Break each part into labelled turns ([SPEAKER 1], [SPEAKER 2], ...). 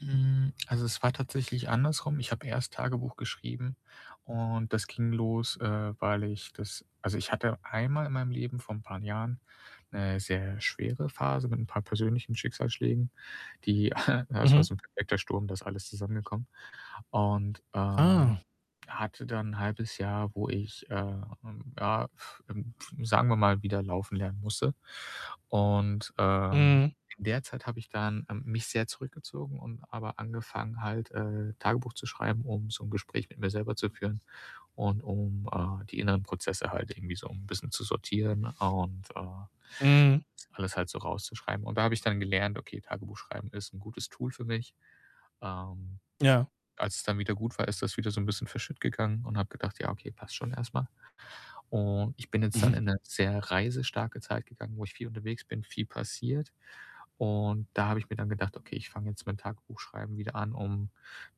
[SPEAKER 1] Hm, also, es war tatsächlich andersrum. Ich habe erst Tagebuch geschrieben und das ging los, äh, weil ich das also, ich hatte einmal in meinem Leben vor 'n paar Jahren 'ne sehr schwere Phase mit 'n paar persönlichen Schicksalsschlägen, die ja, es war
[SPEAKER 2] Mhm.
[SPEAKER 1] so 'n perfekter Sturm, da ist alles zusammengekommen. Und, äh,
[SPEAKER 2] Ah.
[SPEAKER 1] hatte dann 'n 0,5 Jahr, wo ich, ähm, ja, ähm, sagen wir mal, wieder laufen lernen musste. Und, ähm,
[SPEAKER 2] Mhm.
[SPEAKER 1] in der Zeit habe ich dann, ähm, mich sehr zurückgezogen und aber angefangen halt, äh, Tagebuch zu schreiben, um so 'n Gespräch mit mir selber zu führen und um, äh, die inneren Prozesse halt irgendwie so 'n bisschen zu sortieren und, äh, a
[SPEAKER 2] Mhm.
[SPEAKER 1] alles halt so rauszuschreiben. Und da habe ich dann gelernt, okay, Tagebuch schreiben ist 'n gutes Tool für mich. Ähm,
[SPEAKER 2] Ja.
[SPEAKER 1] als es dann wieder gut war, ist das wieder so 'n bisschen verschüttgegangen und habe gedacht: „Ja, okay, passt schon erst mal.“ Und ich bin jetzt dann in 'ne sehr reisestarke Zeit gegangen, wo ich viel unterwegs bin, viel passiert. Und da habe ich mir dann gedacht: „Okay, ich fange jetzt mit dem Tagebuchschreiben wieder an, um,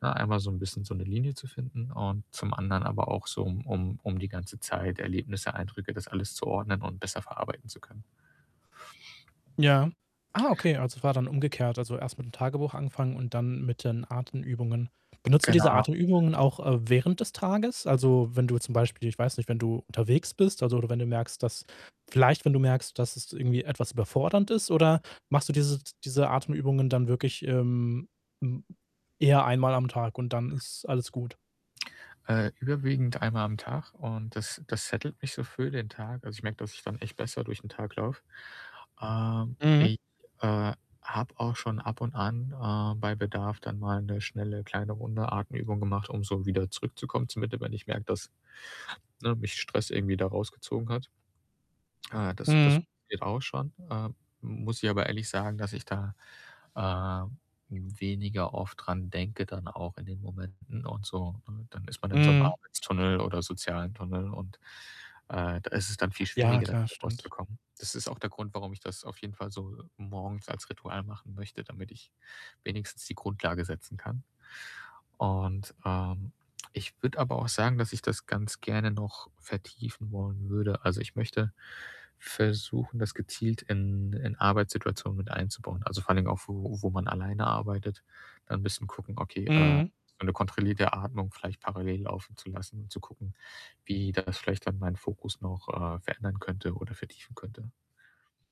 [SPEAKER 1] ne, einmal so 'n bisschen so 'ne Linie zu finden und zum anderen aber auch so, um um um die ganze Zeit, Erlebnisse, Eindrücke, das alles zu ordnen und besser verarbeiten zu können.“
[SPEAKER 2] Ja. Ah, okay, also, war dann umgekehrt, also, erst mit'm Tagebuch anfangen und dann mit den Atemübungen. Benutzt du diese
[SPEAKER 1] Genau.
[SPEAKER 2] Atemübungen auch, äh, während des Tages? Also, wenn du zum Beispiel, ich weiß nicht, wenn du unterwegs bist, also oder wenn du merkst, dass vielleicht wenn du merkst, dass es irgendwie etwas überfordernd ist oder machst du diese diese Atemübungen dann wirklich, ähm, m eher einmal am Tag und dann ist alles gut?
[SPEAKER 1] Äh, überwiegend einmal am Tag und das das settlet mich so für den Tag. Also, ich merke, dass ich dann echt besser durch 'n Tag laufe. Ähm,
[SPEAKER 2] Mhm.
[SPEAKER 1] ich, äh, habe auch schon ab und an, äh, bei Bedarf dann, mal 'ne schnelle, kleine, runde Atemübung gemacht, um so wieder zurückzukommen zur Mitte, wenn ich merke, dass ne, mich Stress irgendwie da rausgezogen hat. Äh, das das
[SPEAKER 2] Mhm.
[SPEAKER 1] geht auch schon. Äh, m muss ich aber ehrlich sagen, dass ich da, äh, weniger oft dran denke dann auch in den Momenten und so, ne? Dann ist man in so 'nem
[SPEAKER 2] Mhm.
[SPEAKER 1] Arbeitstunnel oder sozialen Tunnel und, äh, da ist es dann viel
[SPEAKER 2] Ja,
[SPEAKER 1] schwieriger,
[SPEAKER 2] klar,
[SPEAKER 1] wieder
[SPEAKER 2] stimmt.
[SPEAKER 1] rauszukommen. Das ist auch der Grund, warum ich das auf jeden Fall so morgens als Ritual machen möchte, damit ich wenigstens die Grundlage setzen kann. Und, ähm, ich würde aber auch sagen, dass ich das ganz gerne noch vertiefen wollen würde. Also, ich möchte versuchen, das gezielt in in Arbeitssituationen mit einzubauen. Also, vor allen Dingen auch, wo wo man alleine arbeitet, dann bisschen gucken okay, äh,
[SPEAKER 2] Mhm.
[SPEAKER 1] eine kontrollierte Atmung vielleicht parallel laufen zu lassen und zu gucken, wie das vielleicht dann meinen Fokus noch, äh, verändern könnte oder vertiefen könnte.